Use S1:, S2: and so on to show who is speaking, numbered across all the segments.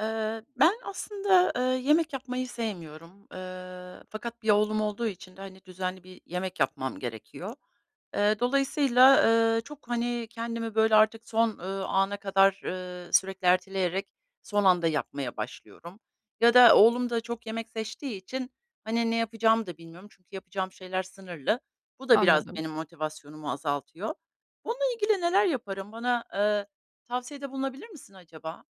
S1: Eee, ben aslında, eee, yemek yapmayı sevmiyorum, eee, fakat 1 oğlum olduğu için de, hani, düzenli bir yemek yapmam gerekiyor. Eee, dolayısıyla, eee, çok, hani, kendimi, böyle, artık son, ııı, ana kadar, ııı, sürekli erteleyerek son anda yapmaya başlıyorum ya da oğlum da çok yemek seçtiği için, hani, ne yapacağımı da bilmiyorum. Çünkü yapacağım şeyler sınırlı. Bu da biraz
S2: Anladım.
S1: benim motivasyonumu azaltıyor. Bununla ilgili neler yaparım? Bana, eee, tavsiyede bulunabilir misin acaba?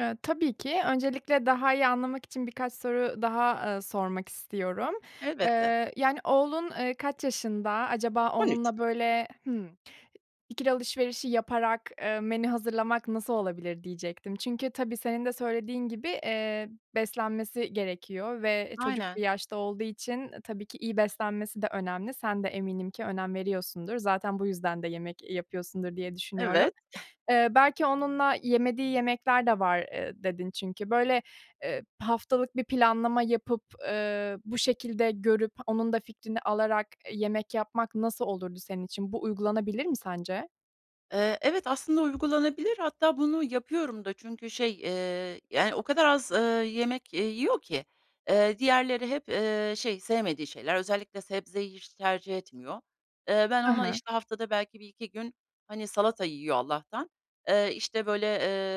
S2: Eee, tabii ki öncelikle daha iyi anlamak için birkaç soru daha, eee, sormak istiyorum.
S1: Elbette.
S2: Eee, yani, oğlun, eee, kaç yaşında, acaba
S1: 13
S2: onunla böyle Hımm. İkili alışverişi yaparak, eee, menü hazırlamak nasıl olabilir diyecektim. Çünkü tabii senin de söylediğin gibi, eee, beslenmesi gerekiyor ve çocuk bir
S1: Aynen.
S2: yaşta olduğu için, e, tabii ki beslenmesi de önemli. Sen de eminim ki önem veriyorsundur. Zaten bu yüzden de yemek, eee, yapıyorsundur diye düşünüyorum.
S1: Evet.
S2: Eee, belki onunla yemediği yemekler de var, eee, dedin çünkü. Böyle, eee, haftalık bir planlama yapıp, eee, bu şekilde görüp, onun da fikrini alarak, eee, yemek yapmak nasıl olurdu senin için? Bu uygulanabilir mi sence?
S1: Eee, evet, aslında uygulanabilir. Hatta bunu yapıyorum da çünkü şey, eee, yani, o kadar az, ııı, yemek, eee, yiyor ki, eee, diğerleri hep, eee, şey, sevmediği şeyler. Özellikle sebzeyi hiç tercih etmiyor. Eee, ben
S2: He
S1: ona
S2: he.
S1: işte haftada belki 1-2 gün, hani, salata yiyor Allah'tan. Eee, işte, böyle,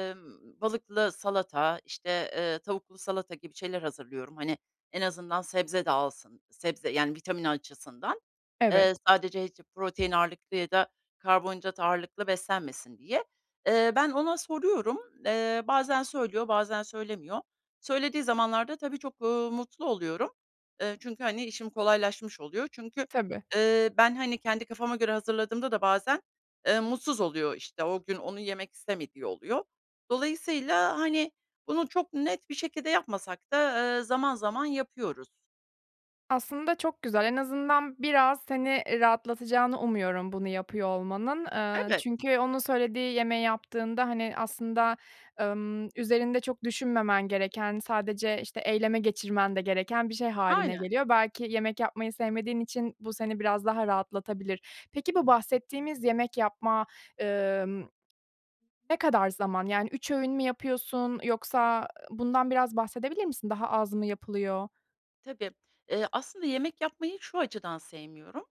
S1: emm, balıklı salata, işte, eee, tavuklu salata gibi şeyler hazırlıyorum. Hani, en azından sebze de alsın. Sebze, yani, vitamin açısından,
S2: Evet.
S1: eee, sadece [unintelligible] protein ağırlıklı ya da karbonhidrat ağırlıklı beslenmesin diye. Eee, ben ona soruyorum. Eee, bazen söylüyor, bazen söylemiyor. Söylediği zamanlarda tabii çok, uuu, mutlu oluyorum. Eee, çünkü, hani, işim kolaylaşmış oluyor. Çünkü,
S2: Tabii.
S1: eee, ben, hani, kendi kafama göre hazırladığımda da bazen, eee, mutsuz oluyor, işte, o gün onu yemek istemediği oluyor. Dolayısıyla, hani, bunu çok net bir şekilde yapmasak da, ııı, zaman zaman yapıyoruz.
S2: Aslında çok güzel, en azından biraz seni, eee, rahatlatacağını umuyorum bunu yapıyor olmanın. Eee,
S1: Evet.
S2: çünkü onun söylediği yemeği yaptığında, hani, aslında, ımm, üzerinde çok düşünmemen gereken, sadece, işte, eyleme geçirmen de gereken bir şey hâline
S1: Aynen.
S2: geliyor. Belki yemek yapmayı sevmediğin için bu seni biraz daha rahatlatabilir. Peki, bu bahsettiğimiz yemek yapma ımm, ne kadar zaman? Yani 3 öğün mü yapıyorsun yoksa, ııı, bundan biraz bahsedebilir misin? Daha az mı yapılıyor?
S1: Tabii, ııı, aslında yemek yapmayı şu açıdan sevmiyorum,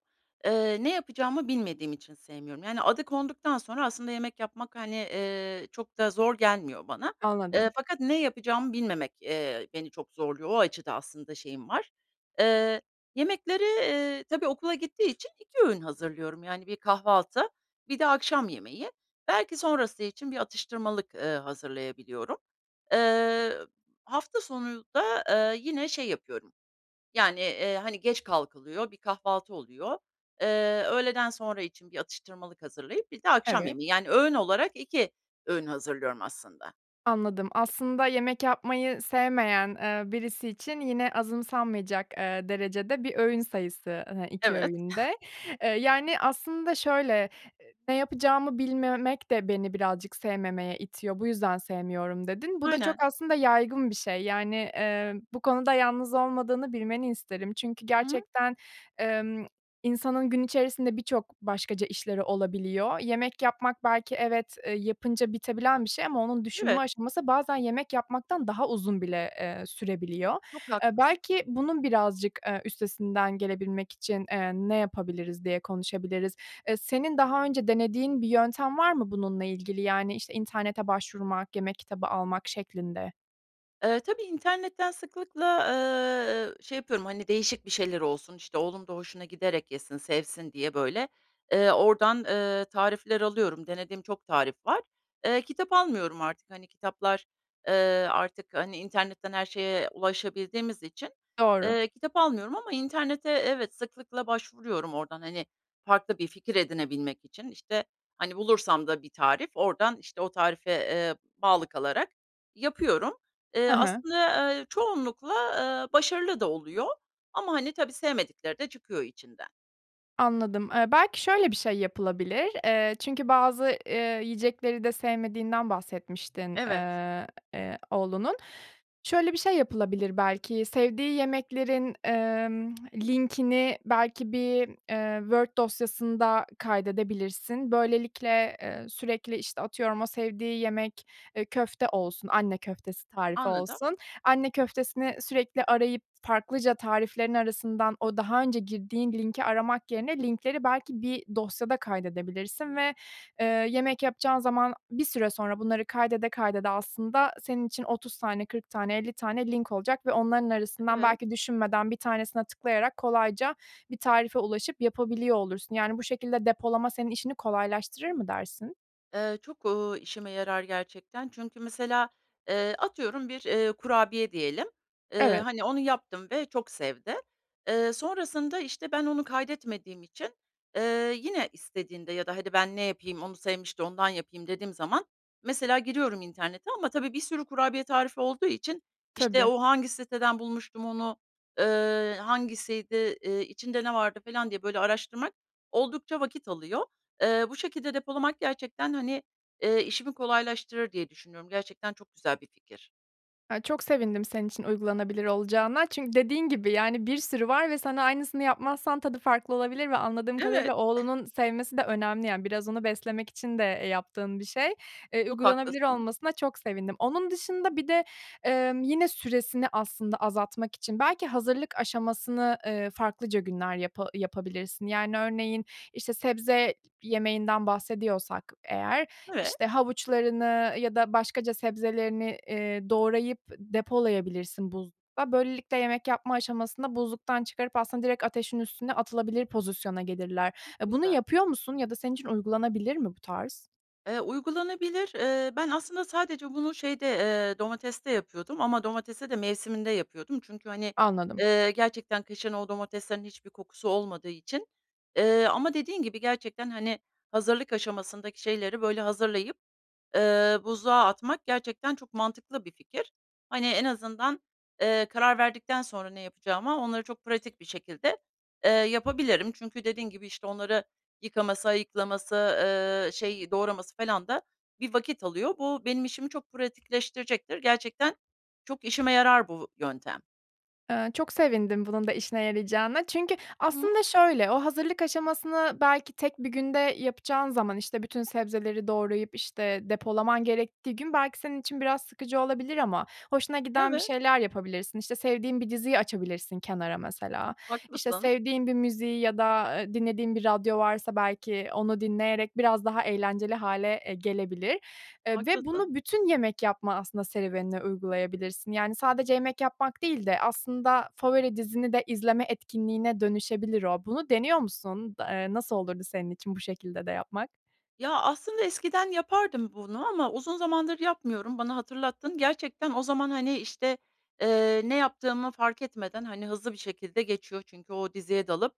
S1: ııı, ne yapacağımı bilmediğim için sevmiyorum. Yani, adı konduktan sonra aslında yemek yapmak, hani, eee, çok da zor gelmiyor bana, eee,
S2: Anladım.
S1: fakat ne yapacağımı bilmemek, eee, beni çok zorluyor. O açıdan aslında şeyim var. Eee, yemekleri, eee, tabii okula gittiği için 2 öğün hazırlıyorum. Yani, 1 kahvaltı, 1 de akşam yemeği. Belki sonrası için bir atıştırmalık, ııı, hazırlayabiliyorum. Eee, hafta sonunda, eee, yine şey yapıyorum, yani, eee, hani, geç kalkılıyor, bir kahvaltı oluyor. Eee, öğleden sonra için bir atıştırmalık hazırlayıp bir de akşam
S2: Evet.
S1: yemeği, yani, öğün olarak 2 öğün hazırlıyorum aslında.
S2: Anladım. Aslında yemek yapmayı sevmeyen, eee, birisi için yine azımsanmaya cak, eee, derecede bir öğün sayısı, hani, 2
S1: Evet.
S2: öğün de. Eee, yani aslında şöyle, ııı, "Ne yapacağımı bilmemek de beni birazcık sevmemeye itiyor, bu yüzden sevmiyorum." dedin. Bu da çok
S1: Aynen.
S2: aslında yaygın bir şey, yani, eee, bu konuda yalnız olmadığını bilmeni isterim. Çünkü
S1: Hı hı.
S2: gerçekten, emm, insanın gün içerisinde birçok başkaca işleri olabiliyor. Yemek yapmak belki evet, eee, yapınca bitebilen bir şey ama onun düşünme
S1: Evet.
S2: aşaması bazen yemek yapmaktan daha uzun bile, eee, sürebiliyor.
S1: Çok
S2: Eee,
S1: haklısın.
S2: belki bunun birazcık, eee, üstesinden gelebilmek için, eee, ne yapabiliriz, diye konuşabiliriz. Eee, senin daha önce denediğin bir yöntem var mı bununla ilgili? Yani, işte, internete başvurmak, yemek kitabı almak şeklinde.
S1: Eee, tabii internetten sıklıkla, eee, şey yapıyorum, hani, değişik bir şeyler olsun, işte, oğlum da hoşuna giderek yesin, sevsin diye, böyle, eee, oradan, eee, tarifler alıyorum. Denediğim çok tarif var. Eee, kitap almıyorum artık. Hani, kitaplar, eee, artık, hani, internetten her şeye ulaşabildiğimiz için,
S2: Doğru.
S1: ııı, kitap almıyorum ama internete evet, sıklıkla başvuruyorum oradan, hani, farklı bir fikir edinebilmek için. İşte, hani, bulursam da bir tarif oradan, işte, o tarife, eee, bağlı kalarak yapıyorum.
S2: Hı
S1: Eee,
S2: hı.
S1: aslında, eee, çoğunlukla, eee, başarılı da oluyor ama, hani, tabii sevmedikleri de çıkıyor içinden.
S2: Anladım, eee, belki şöyle bir şey yapılabilir, eee, çünkü bazı, eee, yiyecekleri de sevmediğinden bahsetmiştin,
S1: Evet.
S2: eee, e, oğlunun. Şöyle bir şey yapılabilir belki, sevdiği yemeklerin, emm linkini belki bir, eee, Word dosyasında kaydedebilirsin. Böylelikle, eee, sürekli, işte, atıyorum o sevdiği yemek, eee, köfte olsun, anne köftesi tarifi
S1: Anladım.
S2: olsun, anne, köftesini sürekli arayıp, farklıca tariflerin arasından o daha önce girdiğin linki aramak yerine linkleri belki bir dosyada kaydedebilirsin ve, eee, yemek yapacağın zaman bir süre sonra bunları kaydede kaydede aslında senin için 30 tane, 40 tane, 50 tane link olacak ve onların arasından
S1: Evet.
S2: belki düşünmeden, 1 tanesine tıklayarak kolayca bir tarife ulaşıp yapabiliyor olursun. Yani, bu şekilde depolama senin işini kolaylaştırır mı dersin?
S1: Eee, çok, ııı, işime yarar gerçekten. Çünkü mesela, eee, atıyorum bir, eee, kurabiye diyelim, ııı,
S2: Evet.
S1: hani, onu yaptım ve çok sevdi. Eee, sonrasında, işte, ben onu kaydetmediğim için, eee, yine istediğinde ya da "Hadi, ben ne yapayım? Onu sevmişti. Ondan yapayım." dediğim zaman mesela giriyorum internete ama tabii bir sürü kurabiye tarifi olduğu için, işte,
S2: Tabii.
S1: o hangi siteden bulmuştum onu, ııı, hangisiydi, eee, içinde ne vardı falan diye böyle araştırmak oldukça vakit alıyor. Eee, bu şekilde depolamak gerçekten, hani, eee, işimi kolaylaştırır diye düşünüyorum. Gerçekten çok güzel bir fikir.
S2: Ya çok sevindim senin için uygulanabilir olacağına çünkü dediğin gibi, yani, bir sürü var ve sen aynısını yapmazsan tadı farklı olabilir ve anladığım kadarıyla
S1: Evet.
S2: oğlunun sevmesi de önemli, yani, biraz onu beslemek için de, eee, yaptığın bir şey. Iıı,
S1: Çok
S2: uygulanabilir
S1: haklısın.
S2: olmasına çok sevindim. Onun dışında bir de, ımm, yine süresini aslında azaltmak için belki hazırlık aşamasını, eee, farklıca günler yapa yapabilirsin. Yani örneğin, işte, sebze yemeğinden bahsediyorsak eğer,
S1: Evet.
S2: işte havuçlarını ya da başkaca sebzelerini, eee doğrayıp depolayabilirsin buzlukta. Böylelikle yemek yapma aşamasında buzluktan çıkarıp aslında direkt ateşin üstüne atılabilir pozisyona gelirler.
S1: Çok
S2: Eee, bunu
S1: güzel.
S2: yapıyor musun ya da senin için uygulanabilir mi bu tarz?
S1: Eee, uygulanabilir. Eee, ben aslında sadece bunu, şeyde, eee, domateste yapıyordum ama domatese de mevsiminde yapıyordum. Çünkü, hani,
S2: Anladım.
S1: eee, gerçekten kışın o domateslerin hiçbir kokusu olmadığı için, eee, ama dediğin gibi gerçekten, hani, hazırlık aşamasındaki şeyleri böyle hazırlayıp, eee, buzluğa atmak gerçekten çok mantıklı bir fikir. Hani en azından, eee, karar verdikten sonra ne yapacağıma onları çok pratik bir şekilde, eee yapabilirim. Çünkü dediğin gibi, işte, onları yıkaması, ayıklaması, ııı, şey, doğraması felan da bir vakit alıyor. Bu benim işimi çok pratikleştirecektir. Gerçekten çok işime yarar bu yöntem.
S2: Iıı, çok sevindim bunun da işine yarayacağına çünkü
S1: Hıı.
S2: aslında şöyle, o hazırlık aşamasını belki tek 1 günde yapacağın zaman, işte, bütün sebzeleri doğrayıp, işte, depolaman gerektiği gün belki senin için biraz sıkıcı olabilir ama hoşuna giden bir
S1: Evet.
S2: şeyler yapabilirsin. İşte, sevdiğin bir diziyi açabilirsin kenara mesela, işte,
S1: Haklısın.
S2: sevdiğin bir müziği ya da, ııı, dinlediğin bir radyo varsa belki onu dinleyerek biraz daha eğlenceli hâle, ııı, gelebilir, ııı, ve
S1: Haklısın.
S2: bunu bütün yemek yapma aslında serüvenine uygulayabilirsin, yani, sadece yemek yapmak değil de aslında favori dizini de izleme etkinliğine dönüşebilir o. Bunu deniyor musun? Da eee, nasıl olurdu senin için bu şekilde de yapmak?
S1: Ya, aslında eskiden yapardım bunu ama uzun zamandır yapmıyorum. Bana hatırlattın. Gerçekten o zaman, hani, işte, ııı, ne yaptığımı fark etmeden, hani, hızlı bir şekilde geçiyor çünkü o diziye dalıp,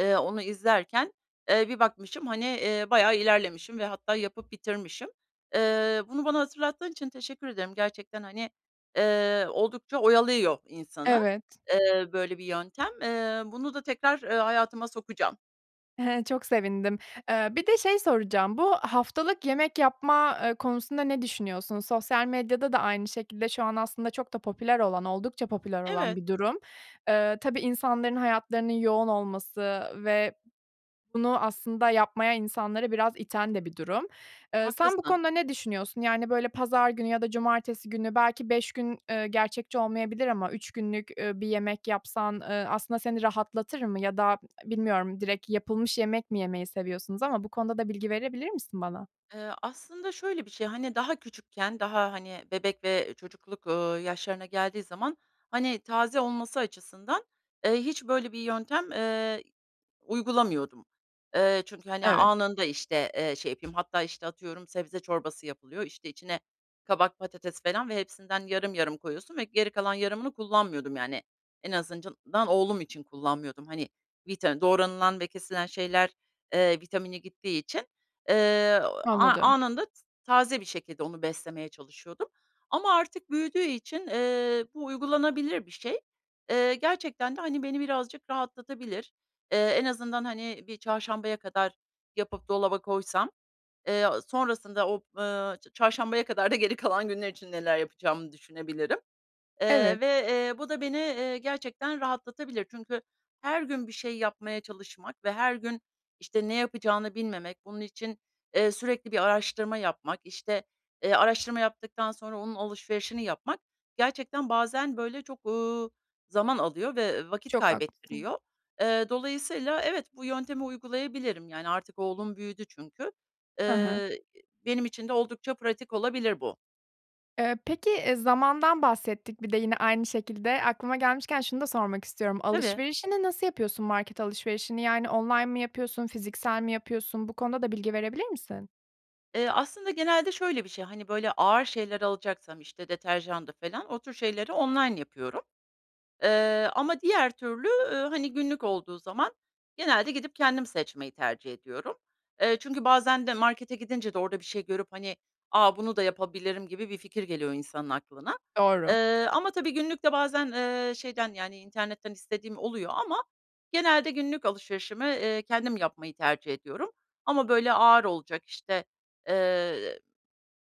S1: ııı, onu izlerken, ııı, bir bakmışım, hani, ııı, bayağı ilerlemişim ve hatta yapıp bitirmişim. Iıı, bunu bana hatırlattığın için teşekkür ederim. Gerçekten, hani, ııı, oldukça oyalıyor insanı,
S2: Evet.
S1: ııı, böyle bir yöntem. Iıı, bunu da tekrar, eee, hayatıma sokacağım.
S2: Çok sevindim. Eee, bir de şey soracağım, bu haftalık yemek yapma, eee, konusunda ne düşünüyorsun? Sosyal medyada da aynı şekilde şu an aslında çok da popüler olan oldukça popüler olan
S1: Evet.
S2: bir durum. Eee, tabii insanların hayatlarının yoğun olması ve bunu aslında yapmaya insanları biraz iten de bir durum. Eee, sen bu
S1: Haklısın.
S2: konuda ne düşünüyorsun? Yani, böyle, pazar günü ya da cumartesi günü belki 5 gün, eee, gerçekçi olmayabilir ama 3 günlük, ııı, bir yemek yapsan, eee, aslında seni rahatlatır mı ya da bilmiyorum, direkt yapılmış yemek mi yemeyi seviyorsunuz ama bu konuda da bilgi verebilir misin bana?
S1: Eee, aslında şöyle bir şey, hani, daha küçükken daha, hani, bebek ve çocukluk, ııı, yaşlarına geldiği zaman, hani, taze olması açısından, eee, hiç böyle bir yöntem, eee, uygulamıyordum. Eee, çünkü, hani,
S2: Evet.
S1: anında, işte, eee, şey yapayım hatta, işte, atıyorum sebze çorbası yapılıyor, işte, içine kabak, patates falan ve hepsinden yarım yarım koyuyorsun ve geri kalan yarımını kullanmıyordum, yani, en azından oğlum için kullanmıyordum. Hani, vita doğranılan ve kesilen şeyler, eee, vitamini gittiği için, eee, a
S2: Anladım.
S1: anında taze bir şekilde onu beslemeye çalışıyordum ama artık büyüdüğü için, eee, bu uygulanabilir bir şey. Eee, gerçekten de, hani, beni birazcık rahatlatabilir. Eee, en azından, hani, bir çarşambaya kadar yapıp dolaba koysam, eee, sonrasında o, eee, çarşambaya kadar da geri kalan günler için neler yapacağımı düşünebilirim. Eee,
S2: Evet.
S1: ve, eee, bu da beni, eee, gerçekten rahatlatabilir çünkü her gün bir şey yapmaya çalışmak ve her gün, işte, ne yapacağını bilmemek, bunun için, eee, sürekli bir araştırma yapmak, işte, eee, araştırma yaptıktan sonra onun alışverişini yapmak gerçekten bazen, böyle, çok, uuu, zaman alıyor ve, ııı, vakit
S2: Çok haklısın.
S1: kaybettiriyor. Eee, dolayısıyla evet, bu yöntemi uygulayabilirim yani artık oğlum büyüdü çünkü.
S2: Hı hı.
S1: Eee, benim için de oldukça pratik olabilir bu.
S2: Eee, peki, eee, zamandan bahsettik bir de yine aynı şekilde. Aklıma gelmişken şunu da sormak istiyorum.
S1: Tabii.
S2: Alışverişini nasıl yapıyorsun? Market alışverişini yani, online mı yapıyorsun, fiziksel mi yapıyorsun? Bu konuda da bilgi verebilir misin?
S1: Eee, aslında genelde şöyle bir şey, hani, böyle, ağır şeyler alacaksam, işte, deterjandı falan, o tür şeyleri online yapıyorum, eee, ama diğer türlü, ııı, hani, günlük olduğu zaman genelde gidip kendim seçmeyi tercih ediyorum. Eee, çünkü bazen de markete gidince de orada bir şey görüp, hani, "A, bunu da yapabilirim." gibi bir fikir geliyor insanın aklına.
S2: Doğru.
S1: Eee, ama tabii günlük de bazen, eee, şeyden, yani, internetten istediğim oluyor ama genelde günlük alışverişimi, eee, kendim yapmayı tercih ediyorum. Ama, böyle, ağır olacak, işte, eee,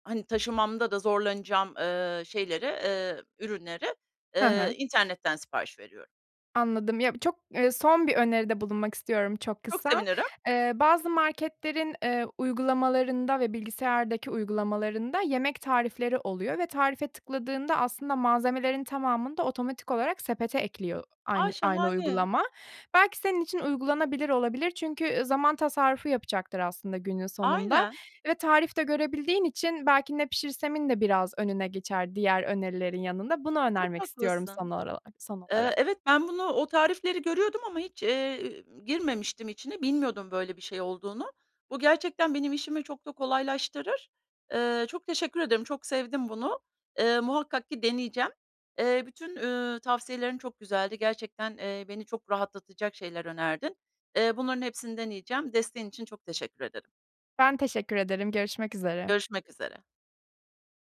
S1: hani, taşımamda da zorlanacağım, eee, şeyleri, eee, ürünleri,
S2: He he.
S1: eee, internetten sipariş veriyorum.
S2: Anladım. Ya, çok, eee, son bir öneride bulunmak istiyorum çok
S1: Çok
S2: kısa.
S1: sevinirim.
S2: Eee, bazı marketlerin, eee, uygulamalarında ve bilgisayardaki uygulamalarında yemek tarifleri oluyor ve tarife tıkladığında aslında malzemelerin tamamını da otomatik olarak sepete ekliyor aynı
S1: Ay,
S2: aynı
S1: şahane.
S2: uygulama. Belki senin için uygulanabilir olabilir çünkü, ııı, zaman tasarrufu yapacaktır aslında günün sonunda
S1: Aynen.
S2: ve tarif de görebildiğin için belki "Ne pişirsem?"in de biraz önüne geçer diğer önerilerin yanında. Bunu
S1: Çok
S2: önermek istiyorum
S1: haklısın.
S2: son oralak son
S1: Eee,
S2: olarak.
S1: evet, ben bunu o tarifleri görüyordum ama hiç, eee, girmemiştim içine, bilmiyordum, böyle, bir şey olduğunu. Bu gerçekten benim işimi çok da kolaylaştırır. Eee, çok teşekkür ederim, çok sevdim bunu. Eee, muhakkak ki deneyeceğim. Eee, bütün, üüü, tavsiyelerin çok güzeldi. Gerçekten, eee, beni çok rahatlatacak şeyler önerdin. Eee, bunların hepsini deneyeceğim. Desteğin için çok teşekkür ederim.
S2: Ben teşekkür ederim. Görüşmek üzere.
S1: Görüşmek üzere.